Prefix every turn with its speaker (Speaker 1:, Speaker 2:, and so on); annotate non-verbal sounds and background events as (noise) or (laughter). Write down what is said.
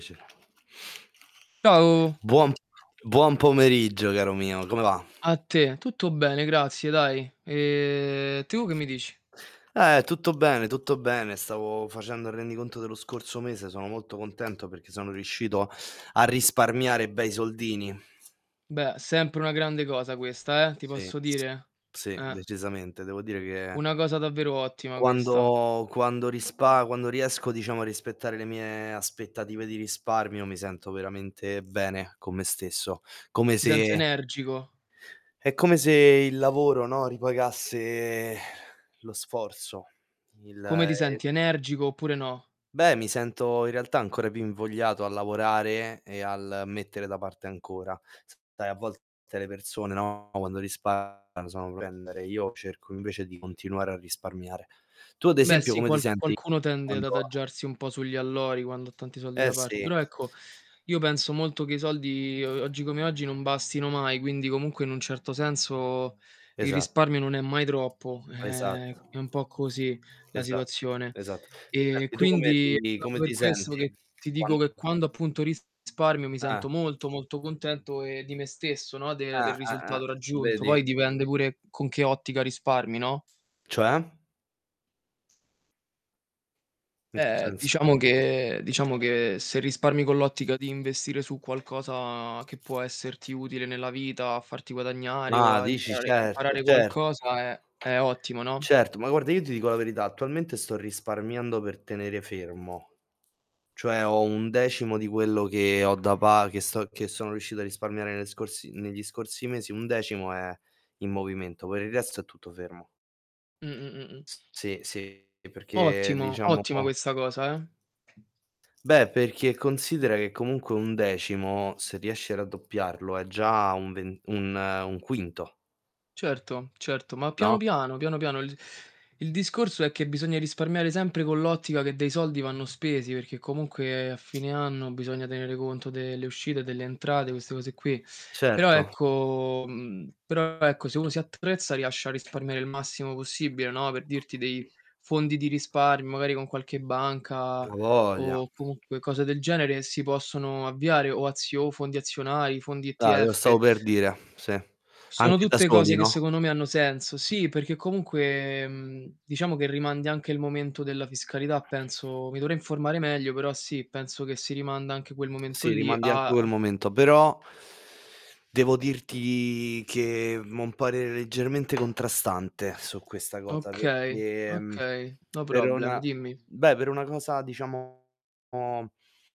Speaker 1: Ce
Speaker 2: Ciao.
Speaker 1: Buon buon pomeriggio caro mio, come va?
Speaker 2: A te. Tutto bene, grazie, dai. Ehm, tu che mi dici?
Speaker 1: Eh, tutto bene, tutto bene. Stavo facendo il rendiconto dello scorso mese. Sono molto contento perché sono riuscito a risparmiare bei soldini.
Speaker 2: Beh, sempre una grande cosa questa, eh, ti
Speaker 1: Sì,
Speaker 2: posso
Speaker 1: s
Speaker 2: dire.
Speaker 1: sì,
Speaker 2: Eh.
Speaker 1: decisamente. Devo dire che
Speaker 2: Una cosa davvero ottima questa.
Speaker 1: quando quando rispa quando riesco, diciamo, a rispettare le mie aspettative di risparmio, mi sento veramente bene con me stesso, come
Speaker 2: Ti senti
Speaker 1: se
Speaker 2: energico?
Speaker 1: è come se il lavoro, no, ripagasse (sighs) lo sforzo, il,
Speaker 2: Come
Speaker 1: ehm
Speaker 2: ti senti, energico oppure no?
Speaker 1: Beh, mi sento in realtà ancora più invogliato a lavorare e al mettere da parte ancora. Sai, a volte le persone, no, quando risparmiano sono (unintelligible) io cerco invece di continuare a risparmiare. Tu ad
Speaker 2: Beh,
Speaker 1: esempio
Speaker 2: sì,
Speaker 1: come ti
Speaker 2: qual
Speaker 1: senti
Speaker 2: qualcuno tende ad
Speaker 1: quando
Speaker 2: adagiarsi un po' sugli allori quando ha tanti soldi
Speaker 1: Eh,
Speaker 2: da part
Speaker 1: sì.
Speaker 2: però ecco, io penso molto che i soldi, uhm, uhm, oggi come oggi non bastino mai, quindi comunque in un certo senso il
Speaker 1: Esat
Speaker 2: risparmio non è mai troppo.
Speaker 1: Esatto.
Speaker 2: Ehm, è un po' così la
Speaker 1: Esatto,
Speaker 2: situazione.
Speaker 1: esatto.
Speaker 2: Ehm,
Speaker 1: Senti, tu come
Speaker 2: quindi è
Speaker 1: ti
Speaker 2: proprio
Speaker 1: come
Speaker 2: per
Speaker 1: ti
Speaker 2: questo
Speaker 1: senti
Speaker 2: che ti dico
Speaker 1: quando
Speaker 2: che quando appunto risparmio mi
Speaker 1: Eh.
Speaker 2: sento molto, molto contento, ehm, di me stesso, no, de
Speaker 1: Eh,
Speaker 2: del
Speaker 1: eh, eh.
Speaker 2: risultato raggiunto.
Speaker 1: Vedi.
Speaker 2: Poi dipende pure con che ottica risparmi, no?
Speaker 1: Cioè? In che
Speaker 2: Beh,
Speaker 1: senso?
Speaker 2: diciamo che diciamo che se risparmi con l'ottica di investire su qualcosa che può esserti utile nella vita a farti guadagnare o
Speaker 1: Ah,
Speaker 2: a
Speaker 1: dici
Speaker 2: imparare
Speaker 1: certo,
Speaker 2: imparare
Speaker 1: cert
Speaker 2: qualcosa è è ottimo, no?
Speaker 1: certo, ma guarda, io ti dico la verità: attualmente sto risparmiando per tenere fermo. Cioè ho 1/10 di quello che ho da pa che sto che sono riuscito a risparmiare nelle scorsi negli scorsi mesi, 1/10 è in movimento, poi il resto è tutto fermo.
Speaker 2: Mh-mh-mh-mh.
Speaker 1: S sì, sì. E perché
Speaker 2: Ottimo,
Speaker 1: diciamo
Speaker 2: ottima questa cosa, eh.
Speaker 1: Beh, perché considera che comunque 1/10, se riesci a raddoppiarlo è già un ven un un quinto.
Speaker 2: Certo, certo, ma piano
Speaker 1: No?
Speaker 2: piano, piano piano. Il il discorso è che bisogna risparmiare sempre con l'ottica che dei soldi vanno spesi, perché comunque a fine anno bisogna tenere conto delle uscite, delle entrate, queste cose qui. Però
Speaker 1: Certo.
Speaker 2: ecco, mhmm, però ecco, se uno si attrezza riesce a risparmiare il massimo possibile, no, per dirti dei fondi di risparmio, magari con qualche banca
Speaker 1: A' voglia.
Speaker 2: o comunque cose del genere si possono avviare o azio fondi azionari, fondi
Speaker 1: Ah, lo
Speaker 2: ETF.
Speaker 1: stavo per dire, sì.
Speaker 2: Sono
Speaker 1: Anche da
Speaker 2: tutte
Speaker 1: soli,
Speaker 2: cose che
Speaker 1: no?
Speaker 2: secondo me hanno senso. Sì, perché comunque, mhmm, diciamo che rimandi anche il momento della fiscalità, penso. Mi dovrei informare meglio, però sì, penso che si rimanda anche quel momento
Speaker 1: Sì,
Speaker 2: lì
Speaker 1: rimandi (unintelligible)
Speaker 2: a,
Speaker 1: il
Speaker 2: uhm
Speaker 1: momento, però devo dirti che, mhmm, ho un parere leggermente contrastante su questa cosa,
Speaker 2: Okay,
Speaker 1: perché, mhmm,
Speaker 2: okay, no
Speaker 1: per
Speaker 2: problem.
Speaker 1: una
Speaker 2: Dimmi.
Speaker 1: beh, per una cosa diciamo